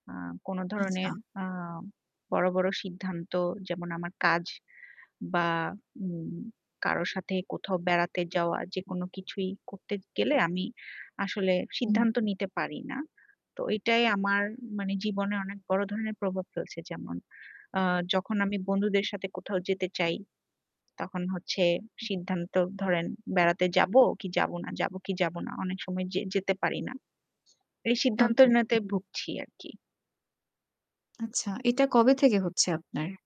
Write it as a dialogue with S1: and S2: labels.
S1: আ কোন
S2: আচ্ছা।
S1: ধরনের আ বড়, বড়, সিদ্ধান্ত যেমন আমার কাজ বা উম কারো সাথে কোথাও বেড়াতে যাওয়া যেকোনো কিছুই করতে গেলে আমি আসলে
S2: হুম।
S1: সিদ্ধান্ত নিতে পারি না। তো এটাই আমার মানে জীবনে অনেক বড় ধরনের প্রভাব ফেলছে। যেমন আ যখন আমি বন্ধুদের সাথে কোথাও যেতে চাই তখন হচ্ছে সিদ্ধান্ত ধরেন বেড়াতে যাব কি যাব না যাব কি যাব না অনেক সময় যে যেতে পারি না। এই
S2: ওকে
S1: সিদ্ধান্তহীনতায় ভুগছি আর কি।
S2: আচ্ছা, এটা কবে থেকে হচ্ছে
S1: [unintelligible]
S2: আপনার?